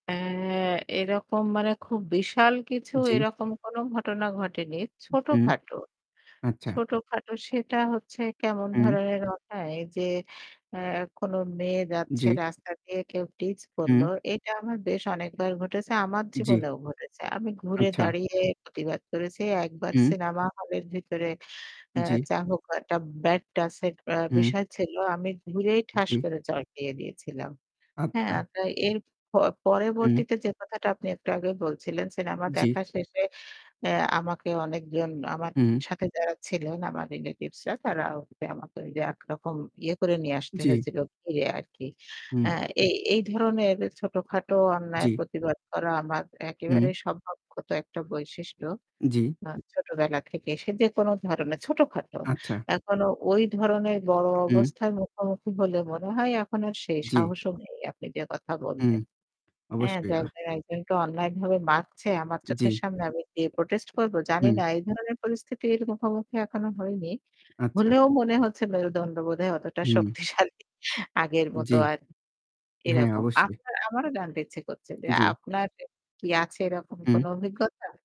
অ্যা এরকম মানে খুব বিশাল কিছু জ্বী। এরকম কোন ঘটনা ঘটেনি, উ হু। ছোটখাটো। আচ্ছা। ছোটখাটো সেটা হচ্ছে কেমন হুম। ধরনের ঘটায় যে অ্যা কোন মেয়ে যাচ্ছে জি। রাস্তা দিয়ে কেউ টিজ হুম। করলো। এটা আমার বেশ অনেকবার ঘটেছে, আমার জি। জীবনেও ঘটেছে। আমি ঘুরে আচ্ছা। দাঁড়িয়ে প্রতিবাদ করেছি। একবার হুম। সিনেমা হলের ভিতরে অ্যা জ্বী। যা হোক একটা ব্যাড টাচ এর অ্যা হুম। বিষয় ছিল। আমি ঘুরেই ঠাস জি। করে চড় দিয়ে দিয়েছিলাম, আচ্ছা। হ্যাঁ? তা এর প হুম। পরবর্তীতে যে কথাটা আপনি একটু আগেই বলছিলেন, সিনেমা জি। দেখা শেষে অ্যা আমাকে অনেকজন আমার হু। সাথে যারা ছিলেন আমার রিলেটিভসরা, তারা ওভাবে আমাকে একরকম ইয়ে করে নিয়ে আসতে জি। হয়েছিলো। ইয়ে আর কি। হুম। অ্যা এই এই ধরনের ছোটখাটো জ্বী। অন্যায়ের প্রতিবাদ করা আমার হুম। একেবারেই স্বভাবগত একটা বৈশিষ্ট্য জি। আ ছোটবেলা থেকেই। সে যেকোন ধরনের ছোটখাটো। আচ্ছা। এখনো ওই ধরনের বড় হু। অবস্থার মুখোমুখি হলে মনে হয় এখন আর সেই জি। সাহসও নেই আপনি যে কথা হুম বললেন হ্যাঁ? অবশ্যই। যে আ একজন একজনকে অন্যায় ভাবে মারছে আমার চোখের জি। সামনে আমি, দিয়ে প্রোটেস্ট করব হুম। জানিনা এই ধরনের পরিস্থিতির মুখোমুখি এখনো হইনি। আচ্ছা। হলেও মনে হচ্ছে মেরুদন্ড বোধহয় অতটা হুম। শক্তিশালী। আগের মত জি। আর হ্যাঁ, এরকম। অবশ্যই। আপনার আমারও জানতে ইচ্ছে করছে যে জ্বী। আপনার কি আছে এরকম হু। কোন অভিজ্ঞতা?